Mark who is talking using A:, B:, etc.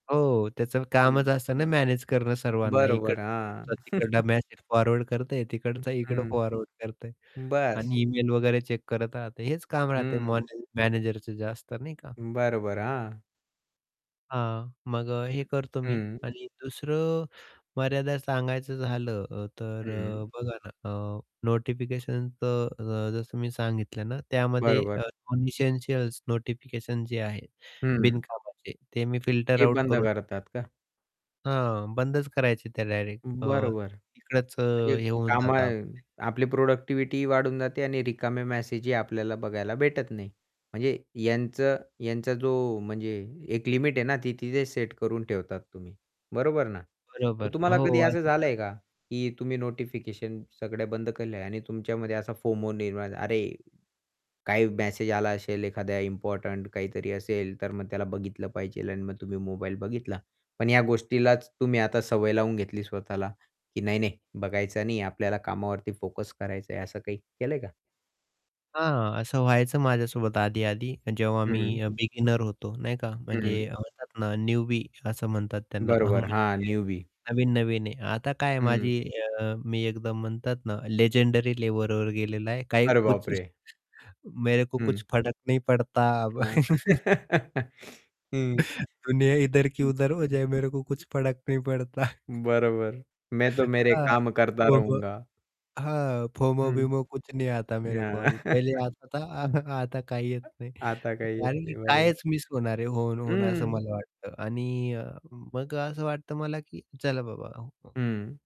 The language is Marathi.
A: हो. त्याचं कामच
B: हं.
A: असतं ना मॅनेज करणं सर्वांना
B: बरोबर,
A: इकडचा
B: हां.
A: ग्रुपचा तिकडला मेसेज फॉरवर्ड करतंय,
B: हं,
A: तिकडचा इकडं
B: हं.
A: फॉरवर्ड करतंय
B: बस.
A: आणि ईमेल वगैरे चेक करत राहते, हेच काम राहतंय
B: हं.
A: मॉन मॅनेजरच जे असतं नाही का.
B: बरोबर. हां.
A: हां, मग अ, हे करतो मी
B: हं.
A: आणि दुसरं मर्यादा सांगायचं झालं अ, तर
B: हं.
A: अ, बघा ना अ, नोटिफिकेशन तर अ, जसं मी सांगितलं ना त्यामध्ये अ,
B: बरोबर.
A: नॉन एसेंशियल्स नोटिफिकेशन जे आहे
B: हं.
A: बिनकामाचे ते मी फिल्टर
B: ते
A: आउट
B: बंद
A: करून टाक
B: करतात का?
A: हां, बंदच करायचे त्या डायरेक्ट
B: अं,
A: अ,
B: बरोबर.
A: तिकडंच
B: म्हणजे
A: हे होऊन जाता
B: कामं
A: आपले.
B: आपली प्रोडक्टिविटीही वाढून जाते आणि रिकामे मेसेजही आपल्याला बघायला भेटत नाही. म्हणजे यांच यांचा जो म्हणजे एक लिमिट आहे ना ती तिथे सेट करून ठेवतात तुम्ही, बरोबर ना? मग
A: बरोबर.
B: तुम्हाला
A: हो.
B: कधी असं
A: अजून
B: झालं
A: तर
B: आहे का, की तुम्ही नोटिफिकेशन सगळं बंद केले आहे आणि तुमच्यामध्ये असा फोमो निर्माण "अरे काही मेसेज आला असेल, एखाद्या इम्पोर्टंट काहीतरी असेल तर मग त्याला बघितलं पाहिजे." आणि मग तुम्ही मोबाईल बघितला. पण ह्या गोष्टीलाच तुम्ही आता सवय लावून घेतली स्वतःला की "नाही, नाही बघायचं नाही आपल्याला कामावरती फोकस करायचा आहे." असं काही केलंय का?
A: हां. असं व्हायचं माझ्यासोबत आधी-आधी जेव्हा मी
B: हं.
A: बिगिनर होतो नाही का म्हणजे
B: हं.
A: अ, म्हणतात ना न्यूबी असं म्हणतात त्यांना अ,
B: बरोबर.
A: म्हणजे
B: हां. न्यूबी.
A: नवीन-नवीन आहे. आता काय आहे
B: हं.
A: माझी अ, मी एकदम म्हणतात ना लेजेंडरी लेवलवर गेलेलं आहे काही
B: अरे
A: कुछ
B: बापरे!
A: मेरे को
B: हं.
A: कुछ फरक नाही पडता.
B: हां. हं.
A: दुनिया इधर की
B: हं, हं.
A: उधर हो जय मेरे को कुछ फडक नही पडता.
B: [unintelligible] बरोबर. मैं तो मेरे
A: हां,
B: काम करता
A: फोमो
B: रहूंगा.
A: हां, फोमो
B: हं.
A: बिमो कुछ नहीं आता मेरे को अभी
B: हां.
A: पहिले आता था आता काही येत
B: [unintelligible]
A: नाही.
B: आता काही येत
A: कारण की
B: नाही बरोबर.
A: कायच मिस होणार आहे? होऊन, होऊन असं
B: हं.
A: मला वाटतं आणि अ, मग असं वाटतं मला की "चला बाबा मग"
B: हं.